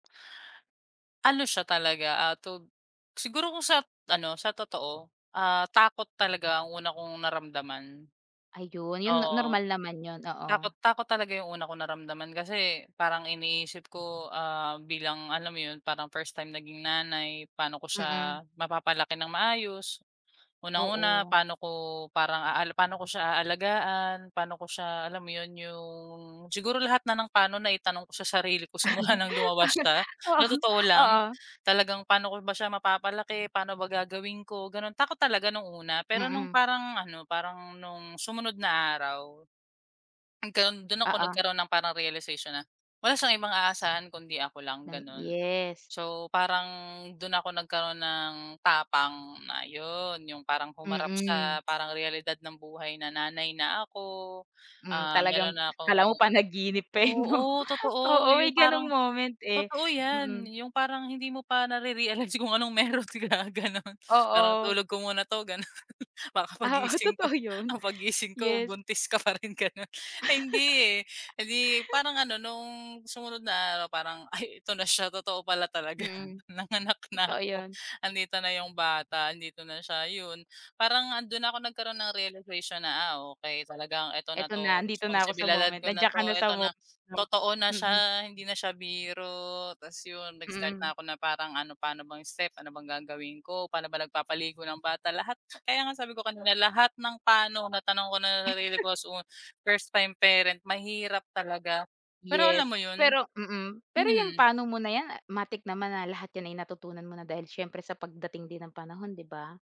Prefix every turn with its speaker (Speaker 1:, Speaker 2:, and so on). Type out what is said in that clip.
Speaker 1: Ano siya talaga, ah, tog siguro kung sat ano sa totoo, ah, takot talaga ang una kong naramdaman.
Speaker 2: Ayun, yun
Speaker 1: Oo.
Speaker 2: normal naman yun,
Speaker 1: Takot
Speaker 2: oo.
Speaker 1: takot talaga 'yong una kong naramdaman, kasi parang iniisip ko, ah, bilang alam mo 'yon, parang first time naging nanay, paano ko
Speaker 2: Mm.
Speaker 1: siya mapapalaki ng maayos, unang-una
Speaker 2: Oo.
Speaker 1: paano ko parang paano ko siya aalagaan, paano ko siya alam mo 'yon, 'yong siguro lahat na ng paano na itanong ko sa sarili ko simula ng lumabas siya,
Speaker 2: Oo,
Speaker 1: na totoo lang.
Speaker 2: oo.
Speaker 1: Talagang paano ko ba siya mapapalaki, paano ba gagawin ko, gano'n. Takot talaga nung una, pero no'ng
Speaker 2: Mm.
Speaker 1: parang ano, parang no'ng sumunod na araw. Nagkaro'n dun ako
Speaker 2: Oo.
Speaker 1: nagkaroon ng parang realization na wala siyang ibang aasahan kundi ako lang
Speaker 2: Ng
Speaker 1: gano'n.
Speaker 2: yes.
Speaker 1: So parang dun ako nagkaroon ng tapang na yun, yung parang humarap sa
Speaker 2: Mm.
Speaker 1: parang realidad ng buhay na nanay na ako.
Speaker 2: Mm,
Speaker 1: Ah, meron
Speaker 2: talagang
Speaker 1: na
Speaker 2: akala mo
Speaker 1: akong,
Speaker 2: panaginip pa, eh, 'no.
Speaker 1: oo,
Speaker 2: Oo
Speaker 1: totoo
Speaker 2: may
Speaker 1: yung
Speaker 2: gano'ng
Speaker 1: parang,
Speaker 2: moment, eh,
Speaker 1: totoo yan,
Speaker 2: mm.
Speaker 1: yung parang hindi mo pa nare-realize kung anong meron ka gano'n, parang
Speaker 2: Oo.
Speaker 1: tulog ko muna 'to gano'n, para kapag
Speaker 2: Ah,
Speaker 1: gising ko,
Speaker 2: totoo yun,
Speaker 1: ah, paggising ko
Speaker 2: yes.
Speaker 1: buntis ka pa rin gano'n, ay hindi, eh, di parang ano no'ng sumunod na araw parang ay ito na siya totoo pala talaga
Speaker 2: Mm.
Speaker 1: nanganak na
Speaker 2: Totoo
Speaker 1: ako
Speaker 2: yun.
Speaker 1: andito na yung bata, andito na siya, yun. Parang, ah, dun na ako nagkaroon ng realization na, "ah, okey talagang eto na
Speaker 2: Eto na
Speaker 1: 'to,
Speaker 2: nandito na ko sa
Speaker 1: responsibilidad
Speaker 2: moment,
Speaker 1: ko na
Speaker 2: nandiyan ka na
Speaker 1: 'to,
Speaker 2: sa
Speaker 1: eto
Speaker 2: moment,
Speaker 1: na,
Speaker 2: 'no,
Speaker 1: totoo na
Speaker 2: mm.
Speaker 1: siya hindi na siya biro," ta's yun nag-start
Speaker 2: Mm.
Speaker 1: na ko na parang ano paano bang step, ano bang gagawin ko, paano ba nagpapaligo ng bata, lahat, kaya nga sabi ko kanina lahat ng pa'no natanong ko na sarili ko as first time parent mahirap talaga. Pero alam
Speaker 2: Yes,
Speaker 1: mo yun.
Speaker 2: pero mm, pero yung
Speaker 1: Mm.
Speaker 2: pa'no mo na yan matik naman na lahat 'yan ay natutunan mo na dahil siyempre sa pagdating din ng panahon 'di ba?